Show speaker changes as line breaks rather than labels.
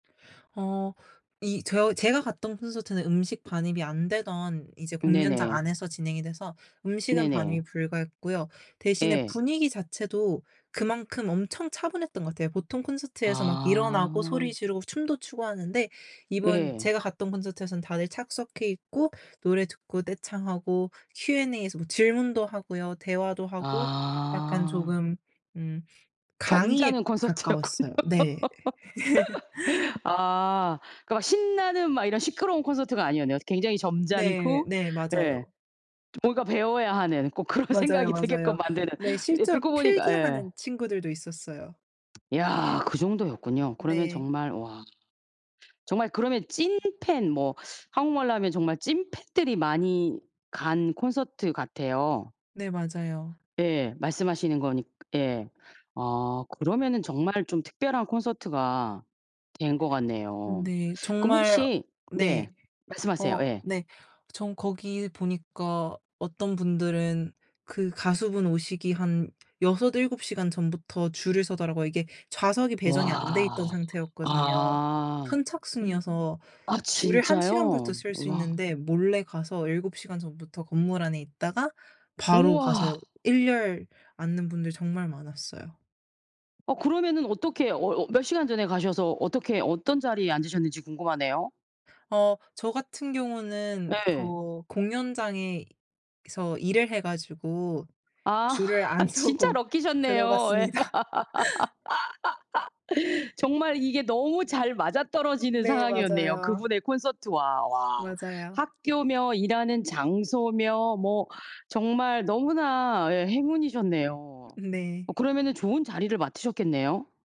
어 이 저 제가 갔던 콘서트는 음식 반입이 안 되던 이제 공연장
네네.
안에서 진행이 돼서 음식은
네네.
반입이 불가했고요. 대신에
예.
분위기 자체도 그만큼 엄청 차분했던 것 같아요. 보통 콘서트에서 막 일어나고
아.
소리 지르고 춤도 추고 하는데 이번
예.
제가 갔던 콘서트에서는 다들 착석해 있고 노래 듣고 떼창하고 Q&A에서 뭐 질문도 하고요. 대화도 하고 약간
아.
조금 음 강의에
점잖은 콘서트였군요.
가까웠어요. 네.
아. 그 막 신나는 막 이런 시끄러운 콘서트가 아니었네요. 굉장히
네.
점잖고
네.
예.
맞아요.
좀 뭔가 배워야 하는, 꼭 그런
맞아요,
생각이 들게끔
맞아요.
만드는.
근데
예
실제로
듣고 보니까 예.
필기하는 친구들도 있었어요.
야 그 정도였군요. 그러면
네.
정말 와. 정말 그러면 찐팬 뭐 한국말로 하면 정말 찐팬들이 많이 간 콘서트 같아요.
네, 맞아요.
예, 말씀하시는 거니까 예. 아 그러면은 정말 좀 특별한 콘서트가 된 것 같네요.
네.
그럼
정말
혹시
네.
네, 말씀하세요.
어
예.
네. 전 거기 보니까 어떤 분들은 그 가수 분 오시기 한 6-7 시간 전부터 줄을 서더라고요. 이게 좌석이 배정이 안 돼 있던
와.
상태였거든요.
아.
선착순이어서
아
줄을 1 시간부터
진짜요?
설 수
와.
있는데 몰래 가서 7 시간 전부터 건물 안에 있다가 바로 가서
우와.
1 열 앉는 분들 정말 많았어요.
어 그러면은 어떻게 어 어 몇 시간 전에 가셔서 어떻게 어떤 자리에 앉으셨는지 궁금하네요.
어 저 같은 경우는
네.
그 공연장에서 일을 해 가지고
아.
줄을 안
진짜
서고
럭키셨네요. 예.
들어갔습니다.
정말 이게 너무 잘 맞아 떨어지는
네
상황이었네요, 그
맞아요.
분의 콘서트와. 와.
맞아요.
학교며 일하는 장소며 뭐 정말 너무나 예. 행운이셨네요.
네.
어 그러면은 좋은 자리를 맡으셨겠네요?